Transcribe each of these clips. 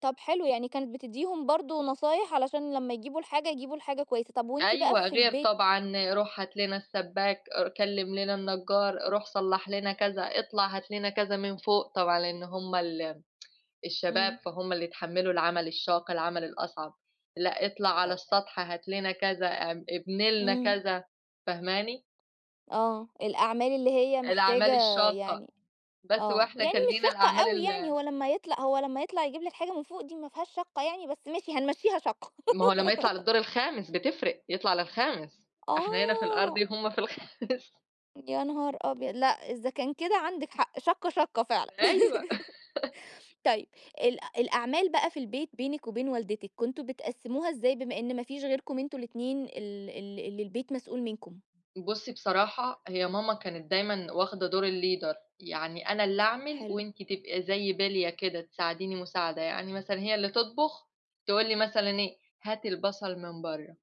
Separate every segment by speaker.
Speaker 1: طَب حلو، يعني كانت بتديهم برضه نصايح علشان لمّا يجيبوا الحاجة يجيبوا الحاجة كويّسة، طَب وأنتِ بقى
Speaker 2: أيوَه،
Speaker 1: في
Speaker 2: غير
Speaker 1: البيت
Speaker 2: طبعًا، روح هات لنا السباك، كلِم لنا النجار، روح صلّح لنا كذا اطلع هات لنا كذا من فوق، طبعًا لأن هُم ال الشباب
Speaker 1: إمم.
Speaker 2: فهُم اللي يتحملوا العمل الشاق العمل الأصعب، لأ اطلع على
Speaker 1: آآ.
Speaker 2: السطح هات لنا كذا أ ابني لنا
Speaker 1: إمم.
Speaker 2: كذا فاهماني؟
Speaker 1: آه، الأعمال اللي هي محتاجة
Speaker 2: الأعمال الشاقة،
Speaker 1: يعني
Speaker 2: بس هو
Speaker 1: آه،
Speaker 2: إحنا
Speaker 1: يعني
Speaker 2: كان
Speaker 1: مش
Speaker 2: لينا
Speaker 1: شاقّة
Speaker 2: الأعمال
Speaker 1: أوي يعني،
Speaker 2: ال
Speaker 1: هو لمّا يطلع هو لمّا يطلع يجيب لِك حاجة من فوق دي ما فيهاش شاقّة يعني بس ماشي هنمشيها شاقّة.
Speaker 2: ما هو لمّا يطلع للدور الخامس بتفرق يطلع للخامس، إحنا هنا في
Speaker 1: آه.
Speaker 2: الأرضي هُم في الخامس
Speaker 1: يا نهار أبيض! لأ إذا كان كده عندِك حق، شاقّة، شاقّة فعلًا،
Speaker 2: أيوه.
Speaker 1: طيّب ال الأعمال بقى في البيت بينك وبين والدتِك كنتم بتقسموها إزاي بما إن ما فيش غيركم أنتم الاتنين ال ال اللي البيت مسؤول منكم؟
Speaker 2: بُصّي بصراحة هي ماما كانت دايمًا واخدة دور الleader يعني أنا اللي أعمل
Speaker 1: حلو.
Speaker 2: وأنتِ تبقى زي بليّة كده، تساعديني مساعدة يعني مثلًًا هي اللي تطبخ، تقول لي مثلًا إيه هاتي البصل من برّه.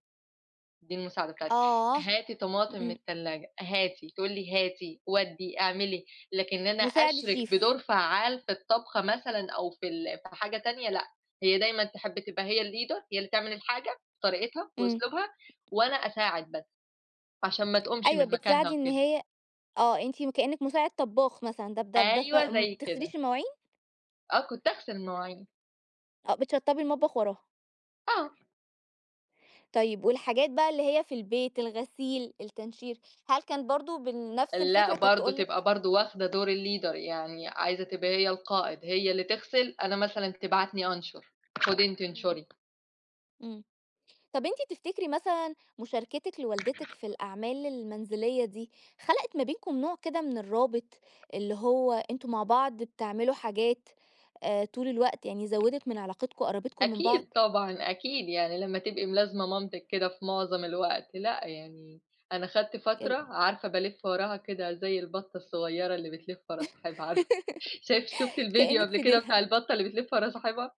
Speaker 2: دي المساعدة بتاعتها
Speaker 1: آه،
Speaker 2: هاتي طماطم من
Speaker 1: إمم.
Speaker 2: التلاجة، هاتي، تقول لي هاتي ودِّي اعملي لكن إن أنا
Speaker 1: مساعد
Speaker 2: أشرِك
Speaker 1: الشيف.
Speaker 2: بدور فعّال في الطبخة مثلًا أو في ال في حاجة تانية لأ، هي دايمًا تحب تبقى هي الleader هي اللي تعمل الحاجة بطريقتها
Speaker 1: إمم.
Speaker 2: وأسلوبها وأنا أساعد بس عشان ما تقومش
Speaker 1: أيوَه
Speaker 2: من مكانها
Speaker 1: بتساعدي إن
Speaker 2: وكده.
Speaker 1: هي آه، أنتِ كأنّك مساعدة طباخ مثلًا ده
Speaker 2: أيوه
Speaker 1: [unintelligible] ما
Speaker 2: زي كده.
Speaker 1: بتغسليش المواعين؟
Speaker 2: آه، كنت اغسل المواعين.
Speaker 1: آه بتشطبي المطبخ وراها.
Speaker 2: آه.
Speaker 1: طيّب والحاجات بقى اللي هي في البيت، الغسيل التنشير، هل كان برضه بنفس
Speaker 2: لأ
Speaker 1: الفكرة كانت
Speaker 2: برضه
Speaker 1: تقول
Speaker 2: تبقى
Speaker 1: لِك
Speaker 2: برضه واخدة دور الleader يعني عايزة تبقى هي القائد هي اللي تغسل أنا مثلًا تبعتني أنشر خدي أنتِ
Speaker 1: إمم
Speaker 2: أنشري.
Speaker 1: إمم. طَب أنت تفتكري مثلًا مشاركتِك لوالدتِك في الأعمال المنزلية دي خلقت ما بينكم نوع كده من الرابط، اللي هو أنتم مع بعض بتعملوا حاجات آآ، طول الوقت يعني زودت من علاقتكم قربتكوا من
Speaker 2: أكيد
Speaker 1: بعض؟
Speaker 2: طبعًا، أكيد، يعني لمّا تبقي ملازمة مامتِك كده في معظم الوقت، لأ يعني، أنا خدت
Speaker 1: ال
Speaker 2: فترة عارفة بالِفّ وراها كده زي البطة الصغيّرة اللي بتلف ورا صاحبها، عارفة شايف شُفتِ الفيديو
Speaker 1: كإنِك
Speaker 2: قبل
Speaker 1: في
Speaker 2: كده
Speaker 1: ديلها.
Speaker 2: بتاع البطة اللي بتلف ورا صاحبها؟